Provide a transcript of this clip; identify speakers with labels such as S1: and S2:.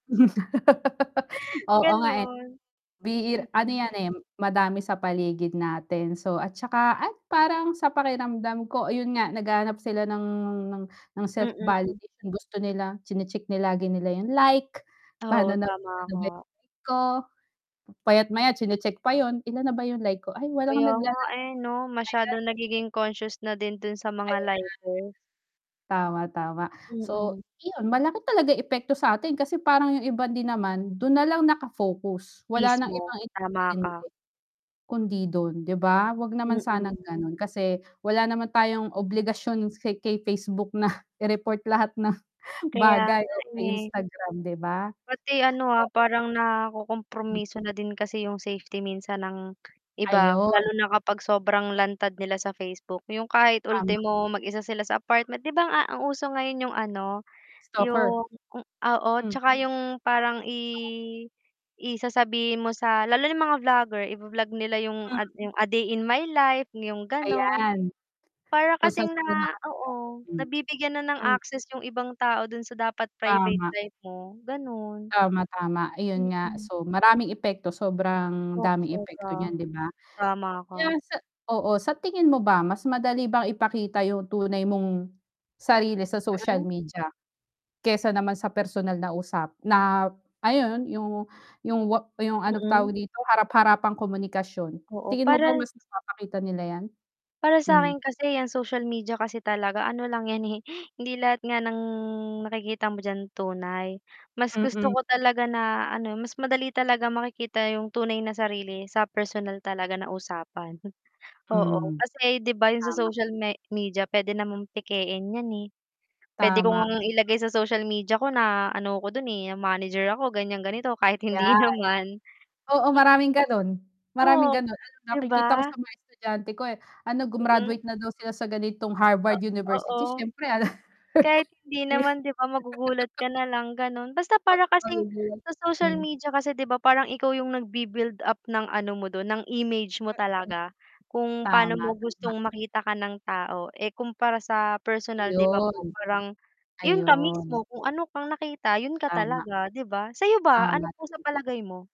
S1: Oo nga eh.
S2: Ganun.
S1: Ano
S2: Mm.
S1: yan eh, madami sa paligid natin, so at tsaka, at parang sa pakiramdam ko yun nga naghahanap sila ng ng ng
S2: Mm.
S1: self-validation gusto nila chine-check lagi nila yung like,
S2: Oo,
S1: pa'no na
S2: tama
S1: [unintelligible]
S2: ka.
S1: ko. Maya't-maya chine-check pa yun, "Ilan na ba yung like ko, ay walang
S2: Kaya nga
S1: nagla-like,
S2: eh 'no,
S1: my God"
S2: masyadong nagiging conscious na din dun sa mga
S1: Ayan.
S2: liker.
S1: Tama, tama. So
S2: Mm.
S1: 'yon, malaki talaga yung epekto sa atin, kasi parang yung iba din naman dun nalang nakafocus wala nang
S2: Mismo,
S1: ibang
S2: tama ka.
S1: inintindi kundi dun, 'di ba? 'Wag naman sanang
S2: Mm.
S1: ganon, kasi wala naman tayong obligasyon sa kay Facebook na i-report lahat ng
S2: Kaya
S1: bagay o
S2: nga
S1: kay
S2: eh.
S1: Instagram, 'di ba?
S2: Pati ano ah, parang nakukumpromiso na din kasi yung safety minsan ng iba,
S1: Ayon.
S2: lalo na kapag sobrang lantad nila sa Facebook. Yung kahit
S1: Tama.
S2: ultimo mag-isa sila sa apartment, 'di ba? A ang uso ngayon yung ano,
S1: Stalker.
S2: yung oo 'tsaka yung parang i i sasabihin mo sa lalo yung mga vlogger i-bo-vlog nila yung ad yung a day in my life, yung ganon.
S1: Ayan.
S2: Para
S1: Kung sa'n
S2: kasing
S1: sila
S2: na
S1: nakatira.
S2: oo,
S1: Hmm.
S2: nabibigyan na ng
S1: Hmm.
S2: access yung ibang tao dun sa dapat private
S1: Tama.
S2: life mo, ganun.
S1: Tama, tama. Ayun nga,
S2: Mm.
S1: so, maraming epekto, sobrang daming
S2: [unintelligible] ka.
S1: epekto niyan 'di ba?
S2: Tama
S1: Kaya
S2: ka.
S1: sa oo. Sa tingin mo ba, mas madali bang ipakita yung tunay mong sarili sa social
S2: Mm.
S1: media, kesa naman sa personal na usap na ayun yung yung yung ano
S2: Mm.
S1: tawag dito, harap-harapang komunikasyon,
S2: Oo
S1: tingin mo ba
S2: parang
S1: mas napapakita nila 'yan?
S2: Para sa
S1: Hmm.
S2: akin kasi, ang social media kasi talaga ano lang 'yan eh, hindi lahat nga ng nakikita mo dyan tunay. Mas gusto
S1: Mm.
S2: ko talaga na ano mas madali talaga makikita yung tunay na sarili sa personal talaga na usapan, oo.
S1: Mhm.
S2: Kasi 'di b yung sa
S1: Tama.
S2: social me media, pwede namang pekein 'yan eh, pwede ko
S1: Tama.
S2: ngang ilagay sa social media ko na ano ko dun eh, manager ako ganyan ganito kahit hindi
S1: Ayan.
S2: naman.
S1: Oo
S2: Mm.
S1: maraming ganon, maraming
S2: Oo,
S1: ganon ano,
S2: 'di
S1: nakikita ko
S2: ba?
S1: sa mga estudyante ko eh, ano
S2: Mm.
S1: grumaduate na daw sila sa ganitong
S2: Ah
S1: Harvard University
S2: oo.
S1: syempre ano.
S2: Kahit hindi naman 'di ba? Magugulat ka na lang ganon. Basta para kasing
S1: [unintelligible]
S2: sa social
S1: Hmm.
S2: media kasi 'di ba? Parang ikaw yung nagb-build up ng ano mo dun, ng image mo talaga. Kung pa'no
S1: Tama,
S2: mo
S1: tama.
S2: gustong makita ka ng tao eh, kumpara sa personal 'di ba po,
S1: 'Yon.
S2: parang yun ka
S1: 'Yon.
S2: mismo kung ano kang nakita, yun ka
S1: Tama.
S2: talaga 'di ba? Sa'yo ba, ano
S1: Tama,
S2: po sa
S1: tama
S2: palagay mo?